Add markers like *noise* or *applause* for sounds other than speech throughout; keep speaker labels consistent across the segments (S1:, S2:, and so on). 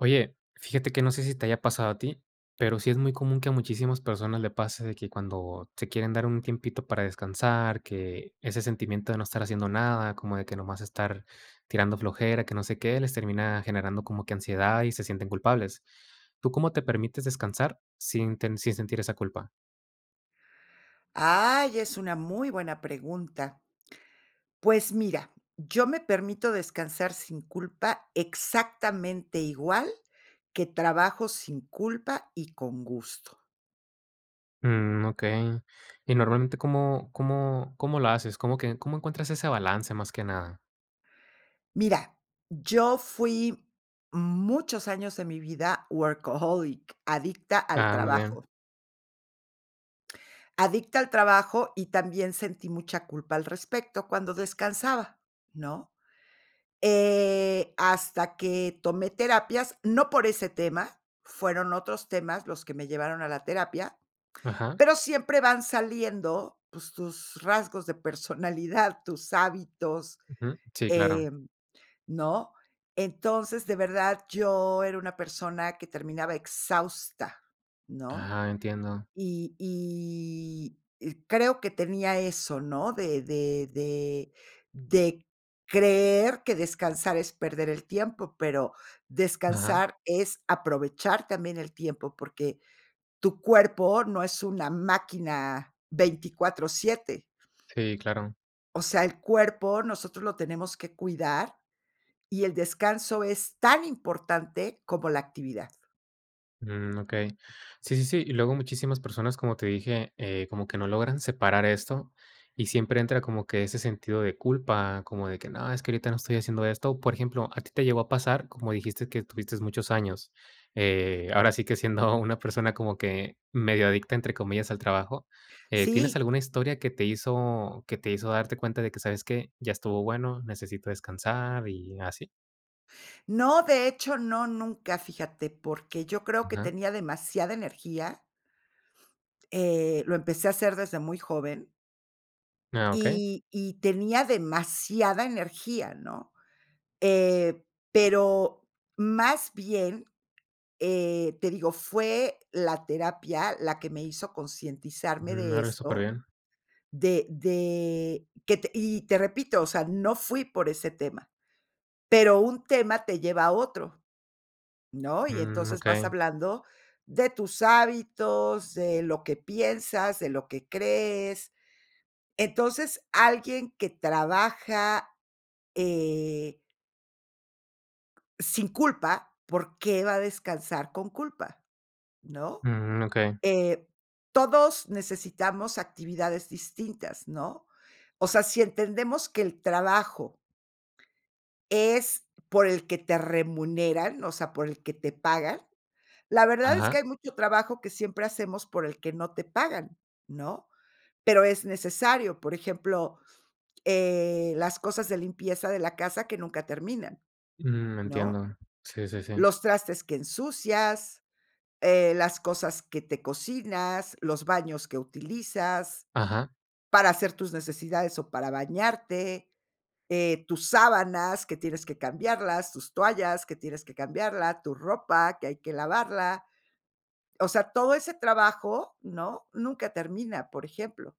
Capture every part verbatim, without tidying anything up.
S1: Oye, fíjate que no sé si te haya pasado a ti, pero sí es muy común que a muchísimas personas le pase de que cuando se quieren dar un tiempito para descansar, que ese sentimiento de no estar haciendo nada, como de que nomás estar tirando flojera, que no sé qué, les termina generando como que ansiedad y se sienten culpables. ¿Tú cómo te permites descansar sin ten sin sentir esa culpa?
S2: Ay, es una muy buena pregunta. Pues mira, yo me permito descansar sin culpa exactamente igual que trabajo sin culpa y con gusto.
S1: Mm, okey. Y normalmente, ¿cómo cómo cómo la haces? ¿Cómo qué cómo encuentras ese balance más que nada?
S2: Mira, yo fui muchos años de mi vida workaholic, adicta al
S1: Ah, muy bien.
S2: trabajo. Adicta al trabajo y también sentí mucha culpa al respecto cuando descansaba, ¿no? Eh, hasta que tomé terapias, no por ese tema, fueron otros temas los que me llevaron a la terapia,
S1: Ajá.
S2: pero siempre van saliendo, pues, tus tus rasgos de personalidad, tus hábitos,
S1: Ujú. Sí, claro.
S2: em, ¿no? Entonces, de verdad, yo era una persona que terminaba exhausta, ¿no?
S1: Ah, entiendo.
S2: Y y y creo que tenía eso, ¿no? De de de de creer que descansar es perder el tiempo, pero
S1: Ajá.
S2: descansar es aprovechar también el tiempo, porque tu cuerpo no es una máquina veinticuatro, siete.
S1: Sí, claro.
S2: O sea, el cuerpo nosotros lo tenemos que cuidar, y el descanso es tan importante como la actividad.
S1: Mm, okey. Sí, sí, sí, y luego muchísimas personas, como te dije, eh, como que no logran separar esto, y siempre entra como que ese sentido de culpa, como de que, no, es que ahorita no estoy haciendo esto. Por ejemplo, a ti te llegó a pasar, como dijiste que estuviste muchos años, eh, ahora sí que siendo una persona como que medio adicta, entre comillas, al trabajo, eh, ¿tienes
S2: Sí.
S1: alguna historia que te hizo, que te hizo darte cuenta de que, sabes qué, ya estuvo bueno, necesito descansar y así?
S2: No, de hecho, no, nunca, fíjate, porque yo creo que
S1: Ajá.
S2: tenía demasiada energía Eh, lo empecé a hacer desde muy joven.
S1: Ah, okey.
S2: Y y tenía demasiada energía, ¿no? Eh, pero más bien, eh, te digo, fue la terapia la que me hizo concientizarme
S1: Mm,
S2: de
S1: órale,
S2: esto,
S1: superbién.
S2: de de que te y te repito, o sea, no fui por ese tema. Pero un tema te lleva a otro, ¿no?, y
S1: Mm,
S2: entonces vas
S1: okey.
S2: hablando de tus hábitos, de lo que piensas, de lo que crees. Entonces, alguien que trabaja, eh sin culpa, ¿por qué va a descansar con culpa, no?
S1: Mm, okey.
S2: Eh, todos necesitamos actividades distintas, ¿no? O sea, si entendemos que el trabajo es por el que te remuneran, o sea, por el que te pagan, la verdad es que
S1: Ajá.
S2: hay mucho trabajo que siempre hacemos por el que no te pagan, ¿no?, pero es necesario. Por ejemplo, eh, las cosas de limpieza de la casa que nunca terminan,
S1: Mm,
S2: ¿no?
S1: entiendo. Sí, sí, sí.
S2: Los trastes que ensucias, eh, las cosas que te cocinas, los baños que utilizas
S1: Ajá.
S2: para hacer tus necesidades o para bañarte, eh, tus sábanas, que tienes que cambiarlas, tus toallas, que tienes que cambiarla, tu ropa, que hay que lavarla. O sea, todo ese trabajo, ¿no?, nunca termina, por ejemplo.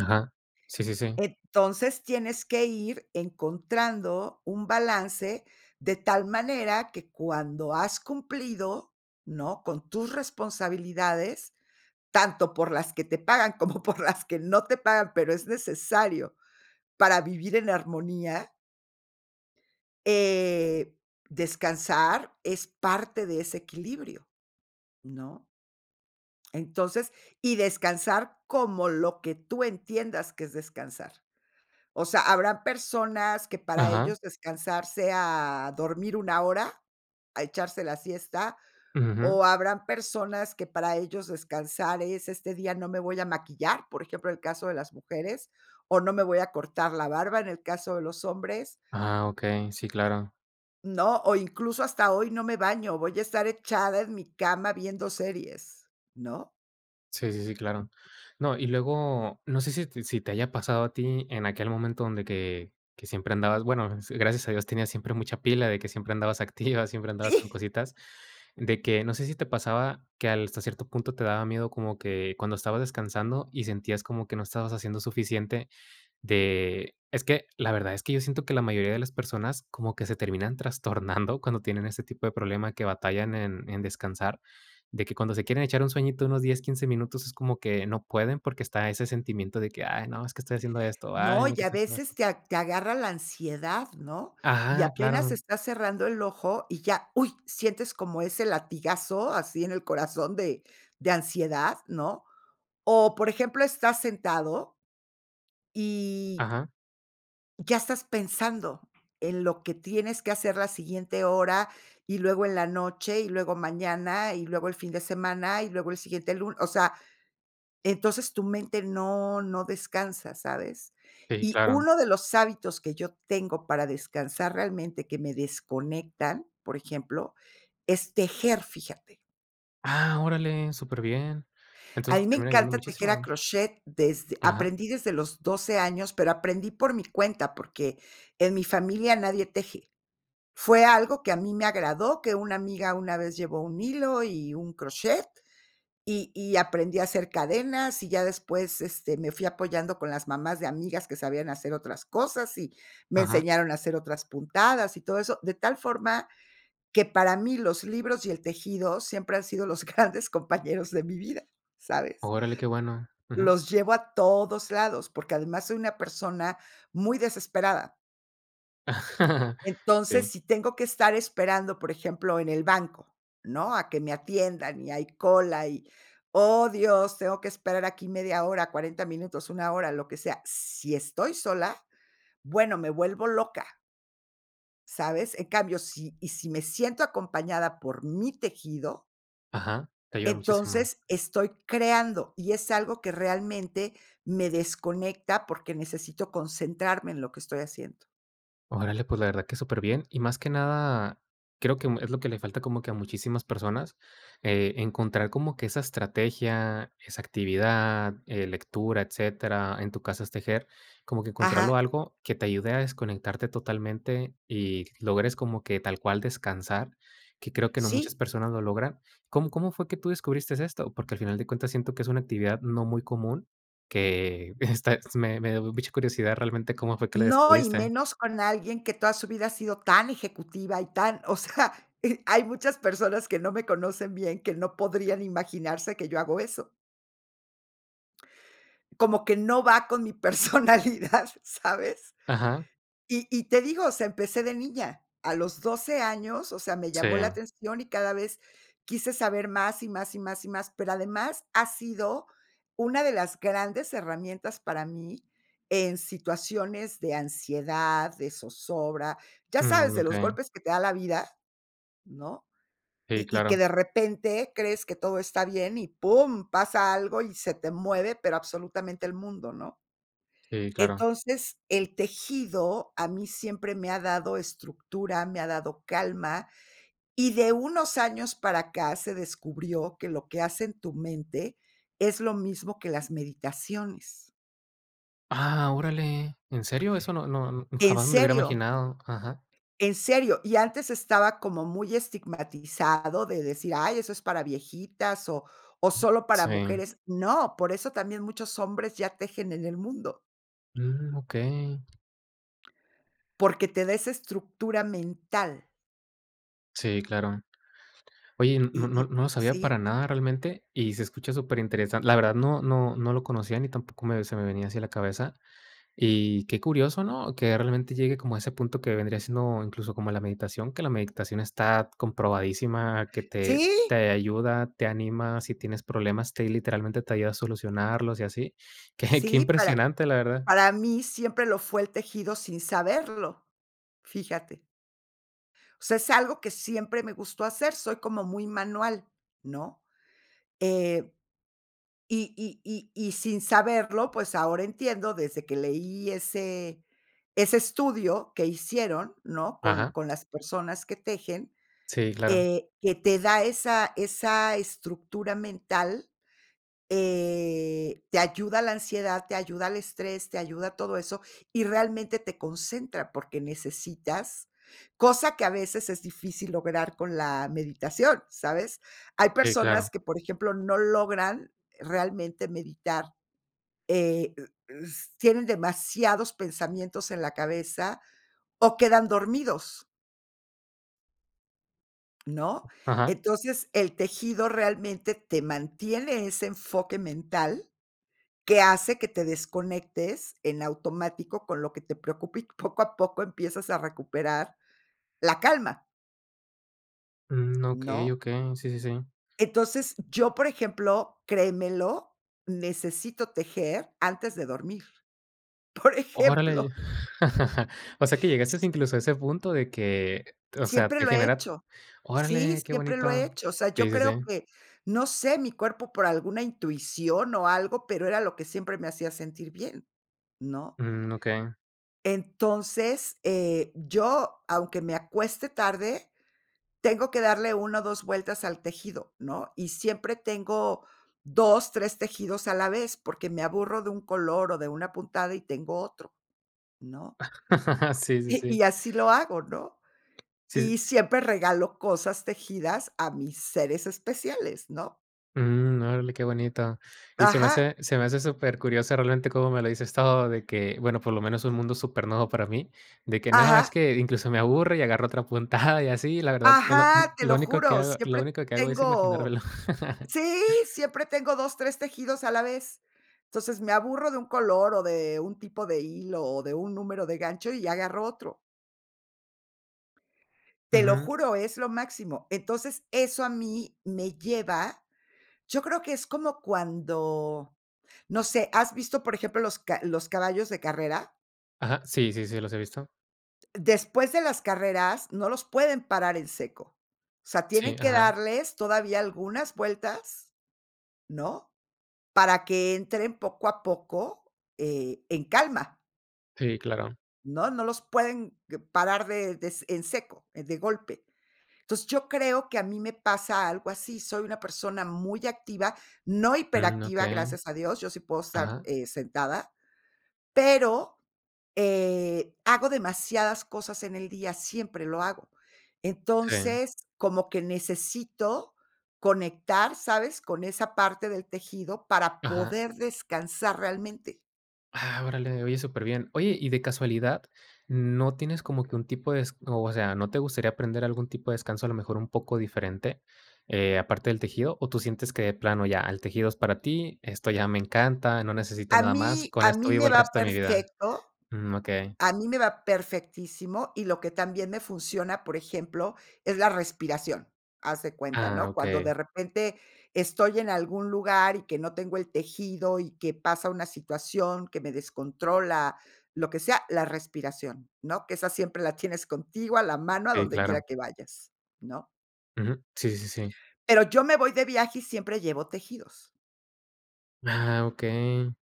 S1: Ajá. Sí, sí, sí.
S2: Entonces, tienes que ir encontrando un balance de tal manera que cuando has cumplido, ¿no? Con tus responsabilidades, tanto por las que te pagan como por las que no te pagan, pero es necesario para vivir en armonía eh, descansar es parte de ese equilibrio, ¿no? Entonces, y descansar como lo que tú entiendas que es descansar. O sea, habrán personas que para
S1: Ajá.
S2: ellos descansar sea dormir una hora, a echarse la siesta,
S1: Ujú, jum.
S2: o habrán personas que para ellos descansar es este día no me voy a maquillar, por ejemplo, el caso de las mujeres, o no me voy a cortar la barba en el caso de los hombres
S1: Ah, okey. Sí, claro.
S2: ¿No? O incluso hasta hoy no me baño, voy a estar echada en mi cama viendo series, ¿no?
S1: Sí, sí, sí, claro. No, y luego, no sé si si te haya pasado a ti en aquel momento donde que que siempre andabas, bueno, s gracias a Dios tenías siempre mucha pila de que siempre andabas activa, siempre andabas
S2: Sí.
S1: con cositas, de que no sé si te pasaba que al hasta cierto punto te daba miedo como que cuando estabas descansando y sentías como que no estabas haciendo suficiente de es que, la verdad es que yo siento que la mayoría de las personas como que se terminan trastornando cuando tienen ese tipo de problema, que batallan en en descansar, de que cuando se quieren echar un sueñito unos diez, quince minutos es como que no pueden porque está ese sentimiento de que: "Ay no, es que estoy haciendo esto. Ay
S2: No,
S1: no
S2: y
S1: que
S2: a
S1: estoy haciendo esto".
S2: veces te a te agarra la ansiedad, ¿no? Y
S1: Ajá,
S2: apenas
S1: claro.
S2: estás cerrando el ojo y ya, ¡uy! Sientes como ese latigazo así en el corazón de de ansiedad, ¿no? O, por ejemplo, estás sentado y
S1: Ajá.
S2: Ya estás pensando en lo que tienes que hacer la siguiente hora, y luego en la noche, y luego mañana, y luego el fin de semana, y luego el siguiente lu o sea, entonces tu mente no no descansa, ¿sabes?
S1: Sí,
S2: Y
S1: claro.
S2: uno de los hábitos que yo tengo para descansar realmente, que me desconectan, por ejemplo, es tejer, fíjate.
S1: ¡Ah, órale! súper bien.
S2: A
S1: Entonces,
S2: mí
S1: te
S2: me
S1: termina ayudando
S2: encanta tejer a
S1: muchísimo.
S2: crochet desde
S1: Ajá.
S2: aprendí desde los doce años, pero aprendí por mi cuenta, porque en mi familia nadie teje. Fue algo que a mí me agradó, que una amiga una vez llevó un hilo y un crochet, y y aprendí a hacer cadenas, y ya después, este, me fui apoyando con las mamás de amigas que sabían hacer otras cosas, y me
S1: Ajá.
S2: enseñaron a hacer otras puntadas y todo eso, de tal forma que para mí los libros y el tejido siempre han sido los grandes compañeros de mi vida, ¿sabes?
S1: Órale, qué bueno. Ujú.
S2: Los llevo a todos lados, porque además soy una persona muy desesperada.
S1: *chuckles*
S2: Entonces,
S1: Sí.
S2: si tengo que estar esperando, por ejemplo, en el banco, ¿no?, a que me atiendan y hay cola, y, oh, Dios, tengo que esperar aquí media hora, cuarenta minutos, una hora, lo que sea, si estoy sola, bueno, me vuelvo loca. ¿Sabes? En cambio, sí y sí me siento acompañada por mi tejido.
S1: Ajá, te ayuda muchísimo.
S2: Entonces estoy creando y es algo que realmente me desconecta porque necesito concentrarme en lo que estoy haciendo.
S1: Órale, pues, la verdad que superbién y, más que nada, creo que mm, es lo que le falta como que a muchísimas personas, eh, encontrar como que esa estrategia, esa actividad, eh, lectura, etcétera, en tu caso es tejer, como que encontrarlo
S2: Ajá.
S1: algo que te ayude a desconectarte totalmente y logres como que tal cual descansar, que creo que no muchas
S2: Sí.
S1: personas lo logran ¿cómo cómo fue que tú descubristes esto? Porque al final de cuentas siento que es una actividad no muy común, que esta me me da mucha curiosidad realmente cómo fue que la
S2: No, y
S1: descubriste.
S2: menos con alguien que toda su vida ha sido tan ejecutiva y tan, o sea, *chuckles* e hay muchas personas que no me conocen bien, que no podrían imaginarse que yo hago eso. Como que no va con mi personalidad, ¿sabes?,
S1: Ajá.
S2: y y te digo, sea, empecé de niña, a los doce años, o sea, me llamó la
S1: Sí.
S2: atención y cada vez quise saber más y más y más y más, pero además ha sido una de las grandes herramientas para mí, en situaciones de ansiedad, de zozobra, ya sabes,
S1: Mm,
S2: de los
S1: okey.
S2: golpes que te da la vida, ¿no?
S1: Sí,
S2: y y que
S1: claro.
S2: de repente crees que todo está bien y pum, pasa algo y se te mueve, pero absolutamente el mundo, ¿no?
S1: Sí, claro.
S2: Entonces el tejido a mí siempre me ha dado estructura, me ha dado calma, y de unos años para acá se descubrió que lo que hace en tu mente es lo mismo que las meditaciones.
S1: Ah, órale. ¿En serio? Eso no no
S2: ¿En
S1: jamás me lo hubiera
S2: serio?
S1: imaginado. Ajá.
S2: En serio, y antes estaba como muy estigmatizado de decir: "Ay, eso es para viejitas o o solo para
S1: Sí.
S2: mujeres". No, por eso también muchos hombres ya tejen en el mundo.
S1: Mm, okey.
S2: Porque te da esa estructura mental.
S1: Sí, claro. Oye, no
S2: Y y
S1: no no lo sabía
S2: sí.
S1: para nada realmente y se escucha super interesante, la verdad no, no, no lo conocía ni tampoco me se me venía hacia la cabeza, y qué curioso, ¿no? Que realmente llegue como a ese punto que vendría siendo incluso como la meditación, que la meditación está comprobadísima, que te
S2: ¡Sí!
S1: te ayuda, te anima, si tienes problemas, te ahí literalmente te ayuda a solucionarlos y así. Qué qué
S2: Sí, para
S1: impresionante, la verdad.
S2: para mí siempre lo fue el tejido, sin saberlo. Fíjate. O sea, es algo que siempre me gustó hacer, soy como muy manual, ¿no? Eh, y y y y sin saberlo, pues ahora entiendo desde que leí ese ese estudio que hicieron, ¿no? Con
S1: Ajá.
S2: con las personas que tejen,
S1: Sí, claro.
S2: eh, que te da esa esa estructura mental, eh, te ayuda a la ansiedad, te ayuda al estrés, te ayuda a todo eso, y realmente te concentra porque necesitas cosa que a veces es difícil lograr con la meditación, ¿sabes? Hay
S1: Sí, claro.
S2: personas que, por ejemplo, no logran realmente meditar, eh, u u s tienen demasiados pensamientos en la cabeza, o quedan dormidos. ¿No?
S1: Ajá.
S2: Entonces, el tejido realmente te mantiene ese enfoque mental que hace que te desconectes en automático con lo que te preocupa y poco a poco empiezas a recuperar la calma.
S1: Mm, okey,
S2: ¿No?
S1: okey. Sí, sí, sí.
S2: Entonces, yo, por ejemplo, créemelo, necesito tejer antes de dormir. Por
S1: Órale y
S2: ejemplo.
S1: *laughs* O sea, que llegaste incluso a ese punto de que o sea,
S2: Siempre
S1: te
S2: lo he
S1: genera
S2: hecho. Sí,
S1: ¡órale, qué
S2: siempre lo he
S1: bonito!
S2: hecho. O sea, yo
S1: Sí, sí,
S2: creo
S1: sí.
S2: que no sé, mi cuerpo por alguna intuición o algo, pero era lo que siempre me hacía sentir bien, ¿no?
S1: Mm, Okey.
S2: Entonces, eh, yo, aunque me acueste tarde, tengo que darle una o dos vueltas al tejido, ¿no? Y siempre tengo dos, tres tejidos a la vez, porque me aburro de un color o de una puntada y tengo otro, ¿no?
S1: *laughs* Sí, sí,
S2: Y y
S1: sí.
S2: así lo hago, ¿no?
S1: Sí, sí.
S2: Y siempre regalo cosas tejidas a mis seres especiales, ¿no?
S1: Mm. Órale, qué bonito. Y se me
S2: Ajá.
S1: hace se me hace supercurioso realmente cómo me lo dices todo, de que, bueno, por lo menos un mundo supernuevo para mí. De que no, es
S2: Ajá.
S1: que incluso me aburre y agarro otra puntada y así, la verdad que lo mm,
S2: Ajá, te
S1: lo
S2: lo
S1: único que
S2: juro,
S1: hago lo
S2: siempre
S1: único que hago es
S2: tengo
S1: imaginármelo. *laughs*
S2: Sí, siempre tengo dos, tres tejidos a la vez. Entonces, me aburro de un color o de un tipo de hilo, o de un número de gancho, y agarro otro. Te lo
S1: Ujú.
S2: juro, es lo máximo. Entonces, eso a mí me lleva, yo creo que es como cuando, no sé. ¿Has visto, por ejemplo, los ca los caballos de carrera?
S1: Ajá. Sí, sí, sí, los he visto.
S2: Después de las carreras, no los pueden parar en seco. O sea,
S1: Sí,
S2: tienen que
S1: ajá.
S2: darles todavía algunas vueltas ¿no? Para que entren poco a poco, eh, en calma.
S1: Sí, claro.
S2: ¿No? No los pueden que parar de de en seco, de golpe. Entonces, yo creo que a mí me pasa algo así. Soy una persona muy activa, no
S1: Mm,
S2: hiperactiva,
S1: okey,
S2: gracias a Dios. Yo sí puedo estar,
S1: ajá.
S2: eh, sentada, pero eh, hago demasiadas cosas en el día, siempre lo hago.
S1: Sí.
S2: Entonces, como que necesito conectar, ¿sabes?, con esa parte del tejido para
S1: Ajá.
S2: poder descansar realmente.
S1: Ah, órale, oye, super bién. Oye, y de casualidad, ¿no tienes, como que un tipo de es o sea, no te gustaría aprender algún tipo de descanso, a lo mejor un poco diferente, eh, aparte del tejido? ¿O tú sientes que de plano ya, el tejido es para ti? Esto ya me encanta, no necesito
S2: A
S1: nada más,
S2: mí
S1: con
S2: a
S1: esto
S2: mí
S1: vivo
S2: me
S1: el
S2: va
S1: resto de mi vida.
S2: perfecto,
S1: Mm, okey.
S2: a mí me va perfectísimo, y lo que también me funciona, por ejemplo, es la respiración. Haz de cuenta,
S1: Ah,
S2: ¿no? Cuando de
S1: okey.
S2: repente estoy en algún lugar, y que no tengo el tejido, y que pasa una situación que me descontrola, lo que sea, la respiración, ¿no? Que esa siempre la tienes contigo a la mano, a
S1: Sí,
S2: donde quiera
S1: claro.
S2: que vayas, ¿no?
S1: Ujú. Sí, sí, sí.
S2: Pero, yo me voy de viaje y siempre llevo tejidos.
S1: Ah, okey.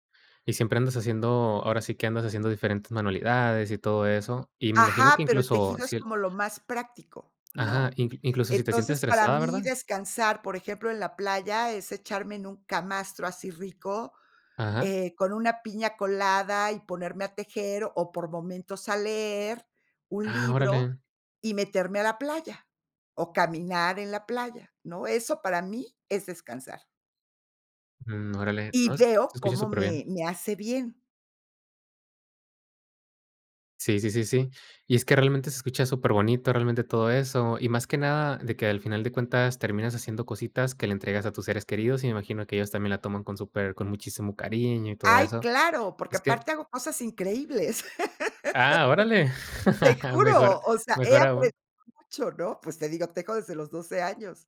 S1: Y siempre andas haciendo, ahora sí, que andas haciendo diferentes manualidades, y todo eso, y me imagino que
S2: Ajá, pero, el
S1: incluso
S2: tejido es
S1: si el
S2: como lo más práctico,
S1: Ajá,
S2: ¿no?
S1: inclu incluso si te sientes
S2: Entonces, para
S1: estresada,
S2: mí
S1: ¿verdad?
S2: descansar, por ejemplo, en la playa es echarme en un camastro, así rico,
S1: Ajá.
S2: eh, con una piña colada, y ponerme a tejer, o por momentos a leer un
S1: Ah,
S2: libro,
S1: órale.
S2: y meterme a la playa, o caminar en la playa, ¿no? Eso para mí es descansar.
S1: Mm, órale. No,
S2: Y
S1: es que
S2: veo
S1: se escucha
S2: cómo
S1: súper bien.
S2: me me hace bien.
S1: Sí sí sí sí. Y es que realmente se escucha superbonito, realmente todo eso, y más que nada de que al final de cuentas terminas haciendo cositas que le entregas a tus seres queridos y me imagino que ellos también la toman con super con muchísimo cariño y todo
S2: ¡Ay,
S1: eso.
S2: claro! Porque
S1: Es que
S2: aparte hago cosas increíbles.
S1: Ah, órale
S2: *laughs* Te
S1: *chuckles* mejor
S2: juro, o sea, he
S1: mejor aún.
S2: aprendido mucho, ¿no? Pues te digo, tejo desde los doce años.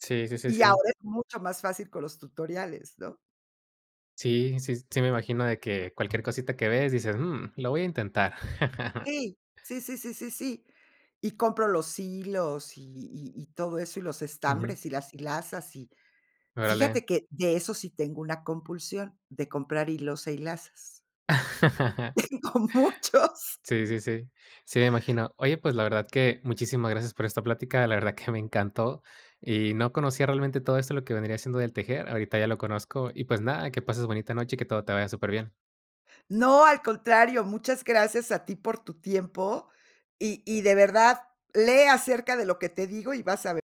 S1: Sí sí sí
S2: Y
S1: sí sí.
S2: ahora es mucho más fácil con los tutoriales, ¿no?
S1: Sí, sí sí me imagino de que cualquier cosita que ves, dices: "Mm, lo voy a intentar". *laughs*
S2: Sí. Sí, sí, sí, sí, sí. Y compro los hilos y y y todo eso y los
S1: Ujú.
S2: estambres y las hilazas. Y
S1: Órale.
S2: fíjate que de eso sí tengo una compulsión, de comprar hilos e hilazas.
S1: *chuckles*
S2: Tengo muchos.
S1: Sí, sí, sí. Sí, me imagino. Oye, pues, la verdad que muchísimas gracias por esta plática. La verdad que me encantó y no conocía realmente todo esto, lo que vendría siendo del tejer. Ahorita ya lo conozco y pues nada, que pases bonita noche y que todo te vaya superbién.
S2: No al contrario, muchas gracias a ti por tu tiempo, y y de verdad lee acerca de lo que digo y vas a ver